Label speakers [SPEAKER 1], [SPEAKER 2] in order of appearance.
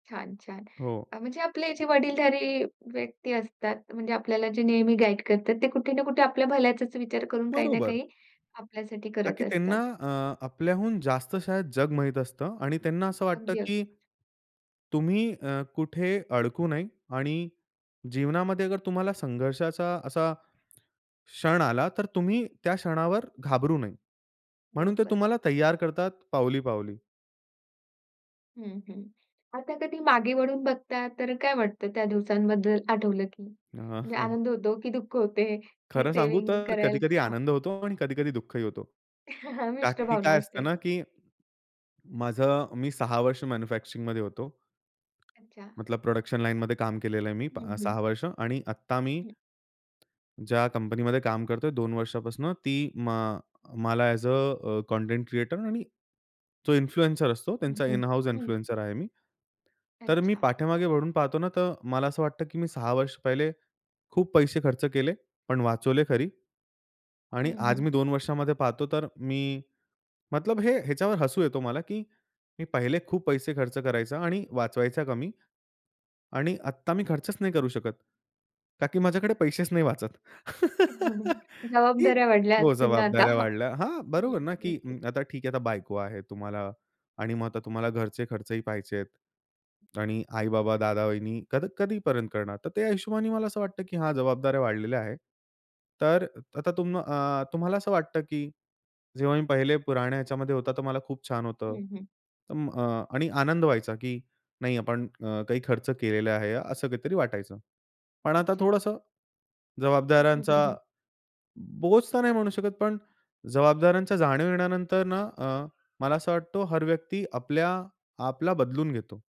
[SPEAKER 1] छान, छान.
[SPEAKER 2] हो.
[SPEAKER 1] अ, म्हणजे आपले जे वडीलधारी व्यक्ती असतात, म्हणजे आपल्याला जे नेहमी गाईड करतात, ते कुठे ना कुठे आपल्या भल्याचाच विचार करून काही ना
[SPEAKER 2] बरोबर.
[SPEAKER 1] काही आपल्यासाठी
[SPEAKER 2] का
[SPEAKER 1] करत
[SPEAKER 2] की त्यांना
[SPEAKER 1] असतात.
[SPEAKER 2] अ, आपल्याहून जास्त शायद जग माहित असतं आणि त्यांना असं वाटतं
[SPEAKER 1] अगदी,
[SPEAKER 2] की
[SPEAKER 1] अगदीच.
[SPEAKER 2] तुम्ही अ, कुठे अडकू नये आणि जीवनामध्ये अगर तुम्हाला संघर्षाचा असा क्षण आला, तर तुम्ही त्या क्षणावर घाबरू नये. म्हणून ते
[SPEAKER 1] बरोबर.
[SPEAKER 2] तुम्हाला तयार करतात पावली-पावली.
[SPEAKER 1] हं, हं. आता कधी मागे वळून बघता तर काय वाटतं त्या दिवसांबद्दल आठवलं की
[SPEAKER 2] हां,
[SPEAKER 1] म्हणजे
[SPEAKER 2] हां.
[SPEAKER 1] आनंद होतो, की दुःख होते? की
[SPEAKER 2] खरं सांगू
[SPEAKER 1] सेव्हिंग
[SPEAKER 2] तर
[SPEAKER 1] करायला
[SPEAKER 2] कधी-कधी
[SPEAKER 1] हां.
[SPEAKER 2] आनंद होतो आणि कधी-कधी दुःखही होतो. का
[SPEAKER 1] मिष्ट
[SPEAKER 2] की
[SPEAKER 1] भावना
[SPEAKER 2] काय असतं
[SPEAKER 1] असते.
[SPEAKER 2] ना, की माझं मी 6 वर्ष मॅन्युफॅक्चरिंगमध्ये होतो.
[SPEAKER 1] अच्छा.
[SPEAKER 2] मतलब प्रोडक्शन लाईनमध्ये काम केलेलं आहे मी प
[SPEAKER 1] हं, हं.
[SPEAKER 2] 6 वर्ष आणि आत्ता मी
[SPEAKER 1] हं.
[SPEAKER 2] ज्या कंपनीमध्ये काम करतोय 2 वर्षापासून, ती म अ, मला अ‍ॅज अ कंटेंट क्रिएटर आणि जो इन्फ्लुएन्सर असतो,
[SPEAKER 1] हं,
[SPEAKER 2] त्यांचा
[SPEAKER 1] हं.
[SPEAKER 2] इन हाउस
[SPEAKER 1] हं.
[SPEAKER 2] इन्फ्लुएन्सर आहे मी. तर मी
[SPEAKER 1] अच्छा.
[SPEAKER 2] पाठीमागे वळून पाहतो ना, तर मला असं वाटतं की मी 6 वर्ष पहिले खूप पैसे खर्च केले, पण वाचवले खरी. आणि
[SPEAKER 1] हं,
[SPEAKER 2] आज
[SPEAKER 1] हं.
[SPEAKER 2] मी 2 वर्षामध्ये पाहतो, तर मी मतलब हे ह्याच्यावर हसू येतो मला की मी पहिले खूप पैसे खर्च करायचा आणि वाचवायचा कमी आणि आत्ता मी खर्चच नाही करू शकत. का की माझ्याकडे पैसेच नाही वाचत, की
[SPEAKER 1] जबाबदाऱ्या वाढल्या
[SPEAKER 2] हो,
[SPEAKER 1] असतील ना आता?
[SPEAKER 2] जबाबदाऱ्या वाढल्या. हां,
[SPEAKER 1] हं,
[SPEAKER 2] बरोबर ना, की
[SPEAKER 1] नक्कीच.
[SPEAKER 2] अं, आता ठीक आहे, आता बायको आहे तुम्हाला आणि मग आता तुम्हाला घरचे खर्चही पाहायचे आहेत. आणि आई-बाबा, दादा-वहिनी कध कधीपर्यंत करणार? तर त्या हिशोबाने मला असं वाटतं की हां, जबाबदाऱ्या वाढलेल्या आहेत. तर अ, आता तुम अ, तुम्हाला असं वाटतं की जेव्हा मी पहिले पुराण्या ह्याच्यामध्ये होता, तर मला खूप छान होतं.
[SPEAKER 1] हं, हं.
[SPEAKER 2] अं, अ, आणि आनंद व्हायचा की नाही आपण अ, काही खर्च केलेला आहे, असं काहीतरी वाटायचं, पण आता
[SPEAKER 1] अच्छा.
[SPEAKER 2] थोडंस जबाबदाऱ्यांचा बोझ तर नाही म्हणू शकत, पण जबाबदाऱ्यांच्या जाणीव येण्यानंतर ना अ, मला असं वाटतो हर व्यक्ति आपल्या आपला बदलून घेतो.